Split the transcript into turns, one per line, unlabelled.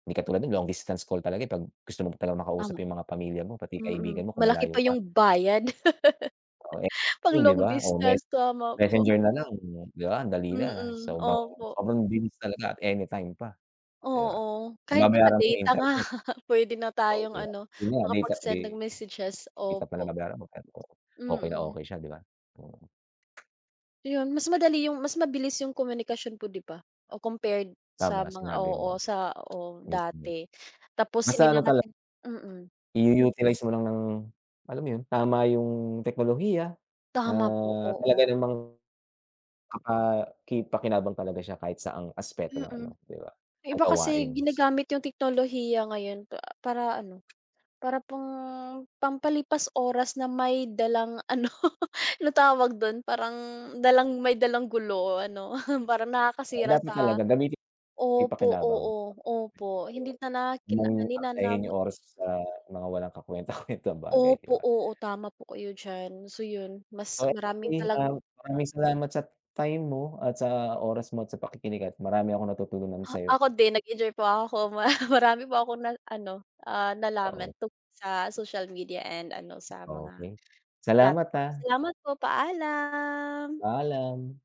Di katulad nu'n long distance call talaga eh, kapag gusto mo talagang makausap
Tama.
'yung mga pamilya mo, pati
Mm,
kaibigan mo, kung
malaki pa
malayo ka.
'yung bayad.
Oo ek
Pang
oh, 'di
long
ba o mes
distance, tama po.
messenger na lang, 'di ba andali na
Mm,
sobrang,
opo.
sobrang bilis talaga at any time pa, 'di ba?
Oo,
Ang
kahit
babayaran mo 'yung
naka-data nga
internet.
puwede na
Oh, 'di
tayong
ba,
ano,
iyun nga nice
makapag-send ng
update.
messages,
1 pa lang
opo.
babayaran mo pero okey na
Mm.
okey siya 'di ba. Mm.
Ayun mas madali 'yung mas mabilis 'yung komunikasyon po 'di ba, o compared sa
Tama
mga
sinabi
oo
mo.
sa o
Mismo.
dati, tapos di
Basta ano
na
tala
natin mm.
I-u-utilize mo lang ng alam mo iyun, tama iyung teknolohiya,
Tama po,
ah, talaga
oo.
namang, kapaki-pakinabang talaga siya kahit saang aspeto ng ano,
Mm,
'di ba
'yung
na
iba kasi
gawain s
ginagamit 'yung teknolohiya ngayon pa para ano, para pang, pampalipas oras na may dalang ano ano tawag dun parang dalang may dalang gulo o ano parang,
Ay
nakakasira
dapat
sa
talaga gamiting
opo
kapaki-pakinabang,
oo,
dapat
opo hindi na na
[unintelligible] huwag
kina
mong
hindi na
aksayahin
nam
'yung oras sa mga walang kakwenta kwentang bagay 'di
Opo,
ba?
oo, tama po kayo diyan, so iyun mas
At
maraming
tuwing
talang
um, maraming salamat sa t time mo, at sa oras mo, at sa pakikinig at marami akong natutunan
Ah,
sa'yo.
ako din nag-enjoy po ako mara marami po akong na ano, ah, nalaman
Oo.
tungkol sa social media and ano sa mga,
Okey, salamat
platform,
ah.
salamat po paalam.
Paalam.